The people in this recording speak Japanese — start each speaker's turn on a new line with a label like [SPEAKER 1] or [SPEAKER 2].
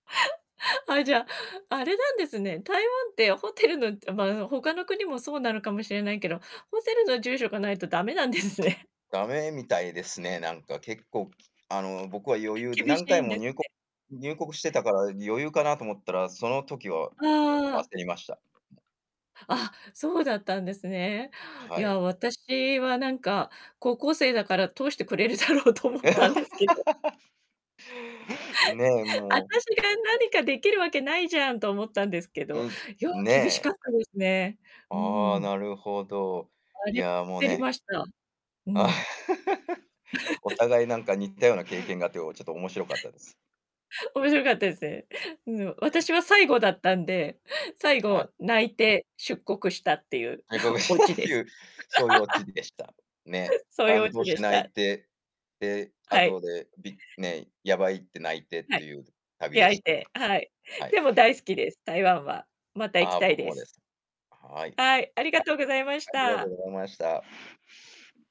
[SPEAKER 1] あ、じゃあ、あれなんですね。台湾ってホテルの、じゃ、まあ、他の国もそうなのかもしれないけど、ホテルの住所が無いと駄目なんですね。
[SPEAKER 2] ダメみたいですね。なんか結構、きあの、僕は余 裕で
[SPEAKER 1] 厳し
[SPEAKER 2] 何回
[SPEAKER 1] いん
[SPEAKER 2] も
[SPEAKER 1] です
[SPEAKER 2] にゅうこ
[SPEAKER 1] ね。
[SPEAKER 2] 入国してたから余裕かなと思ったら、その時はちょ
[SPEAKER 1] あ
[SPEAKER 2] っ
[SPEAKER 1] あ。
[SPEAKER 2] と焦りました。
[SPEAKER 1] あ、そうだったんですね。い
[SPEAKER 2] はい。
[SPEAKER 1] や、私はなんか高校生だから通してくれるだろうと思 ったんですけど。
[SPEAKER 2] ねえ、もう。
[SPEAKER 1] 私が何か出来るわけないじゃんと思ったんですけど、
[SPEAKER 2] うん、
[SPEAKER 1] よう厳しか
[SPEAKER 2] ね。
[SPEAKER 1] ったですね。う
[SPEAKER 2] ああ、
[SPEAKER 1] ん。
[SPEAKER 2] なるほど。
[SPEAKER 1] あ
[SPEAKER 2] い
[SPEAKER 1] りゃ、
[SPEAKER 2] や、もう
[SPEAKER 1] 焦り
[SPEAKER 2] ね
[SPEAKER 1] ました。うん。
[SPEAKER 2] お 互いなんか似たような経験があって、おちょっと面白かったです。
[SPEAKER 1] 面白かったですね。うん、お
[SPEAKER 2] ええ。
[SPEAKER 1] 私は最後だったんで、最
[SPEAKER 2] は
[SPEAKER 1] 後
[SPEAKER 2] い。
[SPEAKER 1] 泣いて出国したっていう、
[SPEAKER 2] 外国
[SPEAKER 1] オ
[SPEAKER 2] 人だ
[SPEAKER 1] チで
[SPEAKER 2] い
[SPEAKER 1] す。
[SPEAKER 2] うそういうオチ でした、ね。
[SPEAKER 1] そういうオ
[SPEAKER 2] 感
[SPEAKER 1] チ
[SPEAKER 2] 動し
[SPEAKER 1] で
[SPEAKER 2] て
[SPEAKER 1] し
[SPEAKER 2] 泣
[SPEAKER 1] た。
[SPEAKER 2] いて、で、
[SPEAKER 1] はい。
[SPEAKER 2] 後でびね、やばいって泣いてっ
[SPEAKER 1] はい。
[SPEAKER 2] ていう旅で
[SPEAKER 1] 焼
[SPEAKER 2] し
[SPEAKER 1] い
[SPEAKER 2] たね。
[SPEAKER 1] て、はい。
[SPEAKER 2] はい。
[SPEAKER 1] でも大好きです、台湾は。また行
[SPEAKER 2] あ
[SPEAKER 1] き
[SPEAKER 2] あ、
[SPEAKER 1] たい
[SPEAKER 2] 僕
[SPEAKER 1] で
[SPEAKER 2] もで
[SPEAKER 1] す。
[SPEAKER 2] す。はい。
[SPEAKER 1] は
[SPEAKER 2] あ
[SPEAKER 1] い、ありがとうございまし
[SPEAKER 2] ありがと
[SPEAKER 1] た。
[SPEAKER 2] うございました。